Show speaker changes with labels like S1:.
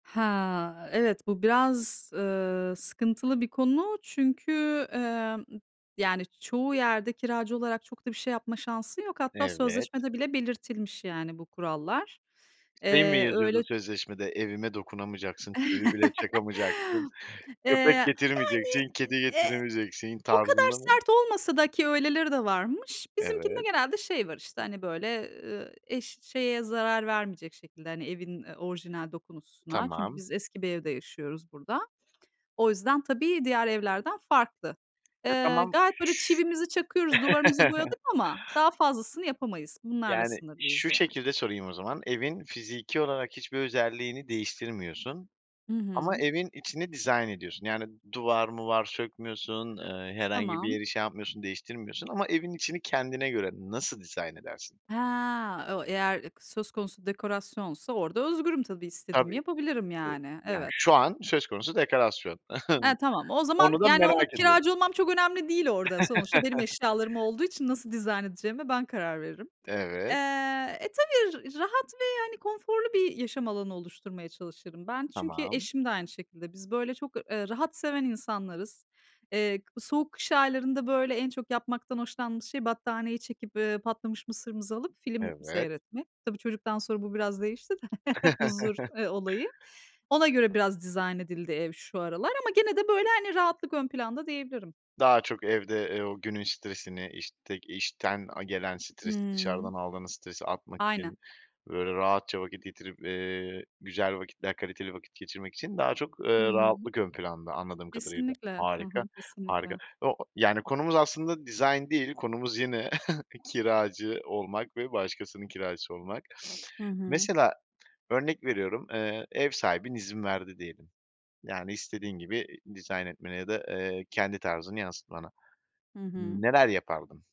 S1: He, evet, bu biraz, ııı, sıkıntılı bir konu. Çünkü, emm, yani çoğu yerde kiracı olarak çok da bir şey yapma şansın yok. Hatta
S2: Evet.
S1: sözleşmede bile belirtilmiş yani bu kurallar.
S2: Şey mi
S1: Eee,
S2: yazıyordu
S1: öyle
S2: sözleşmede? "Evime dokunamayacaksın, çivi bile çakamayacaksın,
S1: Eee,
S2: köpek
S1: yani,
S2: getirmeyeceksin, kedi
S1: eee,
S2: getiremeyeceksin,"
S1: o kadar
S2: tarzında mı?
S1: sert olmasa da ki öyleleri de varmış, bizimkinde
S2: Evet.
S1: genelde şey var işte, hani böyle, ııı, eş şeye zarar vermeyecek şekilde, hani evin, eee, orijinal dokusuna. Çünkü
S2: Tamam.
S1: biz eski bir evde yaşıyoruz burada. O yüzden tabii diğer evlerden farklı.
S2: E,
S1: Eee,
S2: tamam şu
S1: gayet böyle çivimizi çakıyoruz, duvarımızı boyadık ama daha fazlasını yapamayız. Bunlarla
S2: Yani
S1: sınırlıyız
S2: şu
S1: yani.
S2: şekilde sorayım o zaman evin fiziki olarak hiçbir özelliğini değiştirmiyorsun
S1: Hı
S2: ama
S1: hı.
S2: evin içini dizayn ediyorsun. Yani duvar muvar sökmüyorsun. Eee, herhangi bir
S1: Tamam.
S2: yeri şey yapmıyorsun değiştirmiyorsun. Ama evin içini kendine göre nasıl dizayn edersin?
S1: He, o eğer i söz konusu dekorasyonsa orada özgürüm tabii istediğimi
S2: Tabii,
S1: yapabilirim
S2: ı
S1: yani.
S2: yani
S1: Evet.
S2: şu an söz konusu dekorasyon.
S1: He, tamam. O zaman
S2: Onu da
S1: yani onu
S2: merak ediyorum.
S1: kiracı olmam çok önemli değil orada. Sonuçta benim eşyalarım olduğu için nasıl dizayn edeceğime ben karar veririm. Eee,
S2: Evet.
S1: e, tabii rahat ve konforlu bir yaşam alanı oluşturmaya çalışırım ben. Çünkü
S2: Tamam.
S1: eşim de aynı şekilde. Biz böyle çok, eee, rahat seven insanlarız. Eee, k soğuk kış aylarında böyle en çok yapmaktan hoşlandığımız şey battaniyeyi çekip, eee, patlamış mısırımızı alıp film
S2: Evet.
S1: seyretmek. Tabii çocuktan sonra bu biraz değişti de huzur, eee, olayı. Ona göre biraz dizayn edildi ev şu aralar ama gene de böyle rahatlık ön planda diyebilirim.
S2: Daha çok evde, eee, o günün stresini iştek işten a gelen stresi
S1: Hımm.
S2: dışarıdan aldığınız stresi atmak
S1: Aynen.
S2: için böyle rahatça vakit getirip, eee, güzel vakitler, kaliteli vakit geçirmek için daha çok,
S1: Hı
S2: eee,
S1: hı.
S2: rahatlık ön planda anladığım kadarıyla.
S1: Kesinlikle. Hı
S2: Harika,
S1: hı.
S2: harika.
S1: Kesinlikle.
S2: O o yani konumuz aslında dizayn değil konumuz yine kiracı olmak ve başkasının kiracısı olmak.
S1: Hı hı.
S2: Mesela örnek veriyorum, eee, ev sahibin izin verdi diyelim. Yani istediğin gibi i dizayn etmeni ya da, eee, kendi tarzını yansıtmana.
S1: Hı hı.
S2: N neler yapardın?